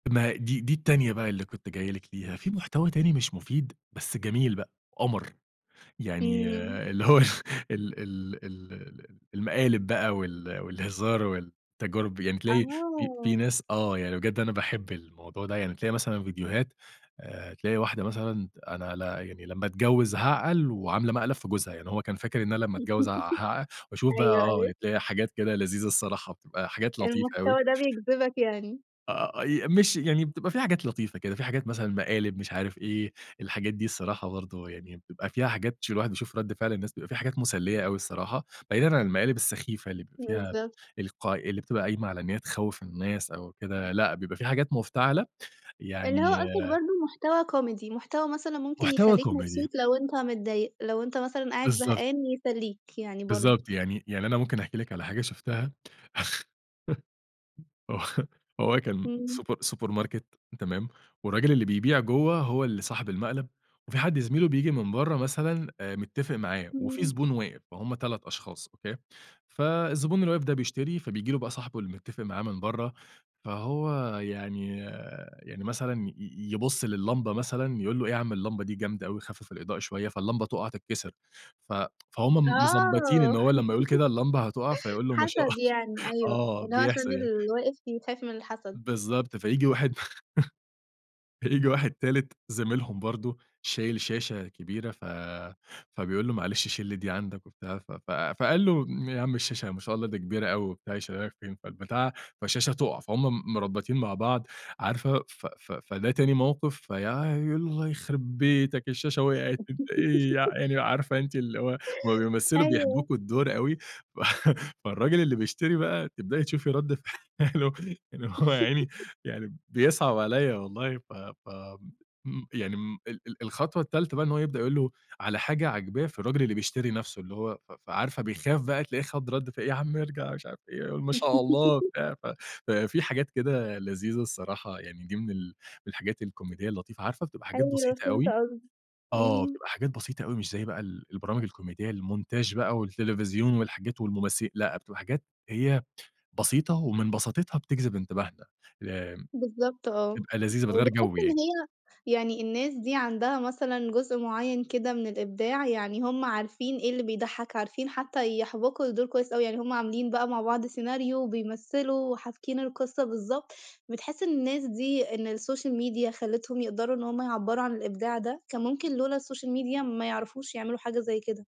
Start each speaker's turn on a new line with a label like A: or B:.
A: ما هي دي دي التانية بقى اللي كنت جايِّ لِك ليها في محتوى تاني مش مفيد بس جميل بقى قمر، يعني
B: إمم.
A: اللي هو ال ال ال ل ل المقالب بقى وال والهزار والتجارب، يعني تلاقي في في
B: آه.
A: ناس آه يعني بجد أنا باحب الموضوع ده، يعني بتلاقي مثلًا فيديوهات آآ، تلاقي واحدة مثلًا أنا ل يعني لمّا اتجوّز هاعقل وعاملة مقلب في جوزها، يعني هو كان فاكر إن أنا لمّا أتجوّز ع هع وأشوف بقى
B: أيوه
A: آه،
B: أيوه.
A: تلاقي حاجات كده لذيذة الصراحة بتبقى حاجات لطيفة أوي.
B: المحتوى ده بيجذبك يعني؟
A: آآ، ي ماشي يعني بتبقى في حاجات لطيفة كده، في حاجات مثلًا مقالب مش عارف إيه، الحاجات دي الصراحة برضو يعني بيبقى فيها حاجات ش الواحد يشوف رد فعل الناس، بيبقى في حاجات مسلّية أوي الصراحة، بعيدًا عن المقالب السخيفة اللي بيبقى فيها
B: بالضبط.
A: الق اللي بتبقى قايمة على إن هي تخوّف الناس أو كده، لأ بيبقى في حاجات مفتعلة.
B: اللي هو
A: يعني
B: قصدك برضو محتوى Comedy، محتوى مثلًا ممكن
A: محتوى
B: يخلّيك
A: Comedy.
B: مبسوط لو أنت متضايق، لو أنت مثلًا قاعد
A: بالضبط.
B: زهقان يسلّيك يعني برضو.
A: بالضبط، يعني يعني أنا ممكن أحكي لِك على حاجة شُفتها، آه هو كان
B: إمم.
A: super supermarket تمام، والراجل اللي بيبيع جوه هو اللي صاحب المقلب، وفي حد زميل له بييجي من برّا مثلًا متفق معاه، وفي
B: إمم.
A: زبون واقف، فهُم 3 أشخاص أوكي، فالزبون اللي واقف ده بيشتري، فبييجي له بقى صاحبه اللي متفق معاه من برّا، فهو يعني يعني مثلًا ي يبُص للِّمبة مثلًا يقُول له: "إيه يا عم اللمبة دي جامدة أوي، خفف الإضاءة شوية"، فاللمبة تقع تتكسر، ف فهُم مضبّطين إن
B: آه.
A: هو لمّا يقُول كده اللمبة هتقع، فيقول له ما شاء ال
B: حسد يعني أيوه،
A: آه،
B: اللي هو عشان
A: بيحسد يعني.
B: اللي واقف يخاف من الحسد.
A: بالضبط، فييجي واحد فييجي واحد تالت زميلهم برضو شايل شاشة كبيرة، ف فبيقول له: "معلش شيل لي دي عندك" وبتاع، ف ف فقال له: "م يا عم الشاشة ما شاء الله دي كبيرة أوي"، وبتاع، "يشيلها لك فين؟" فالبتاعة فالشاشة تقع، فهُم م مربّطين مع بعض، عارفة، ف ف فده تاني موقِف، فيا يقُول: "الله يخربيتك الشاشة وقعت، أنت إيه"، يع يعني عارفة أنتِ اللي هو هُم بيمثلوا
B: أيوه.
A: بيحبوكوا الدور أوي، فالراجل اللي بيشتري بقى تبدئي تشوفي رد فعله إن هو يا عيني يعني بيصعب عليَّ والله، ف ف إمم يعني م ال ال الخطوة التالتة بقى إن هو يبدأ يقُول له على حاجة عاجباه في الراجل اللي بيشتري نَفسه، اللي هو ف ف فعارفة بيخاف بقى، تلاقيه خد رد فعل يا عم ارجع مش عارف إيه، قُل ما شاء الله وبتاع، ففي حاجات كده لذيذة الصراحة، يعني دي من ال الحاجات الكوميدية اللطيفة، عارفة بتبقى حاجات
B: أيوه
A: بسيطة
B: فهمت
A: أوي
B: قصدك،
A: آه
B: إمم.
A: بتبقى حاجات بسيطة أوي مش زي بقى ال البرامج الكوميدية، المونتاج بقى والتلفزيون والحاجات والممثل لأ بتبقى حاجات هي بسيطة ومن بساطتها بتجذب انتباهنا، ي
B: بالضبط آه،
A: تبقى لذيذة بتغيّر
B: وبتحس
A: جو
B: إن
A: يعني.
B: هي يعني الناس دي عندها مثلًا جزء معيّن كده من الإبداع، يعني هُم عارفين إيه اللي بيضحّك، عارفين حتى يحبكوا الدور كويس أوي، يعني هُم عاملين بقى مع بعض سيناريو وبيمثّلوا وحابكين القصة بالضبط، بتحس إن الناس دي إن الsocial media خلتهم يقدروا إن هُم يعبّروا عن الإبداع ده، كان ممكن لولا الsocial media ما يعرفوش يعملوا حاجة زي كده؟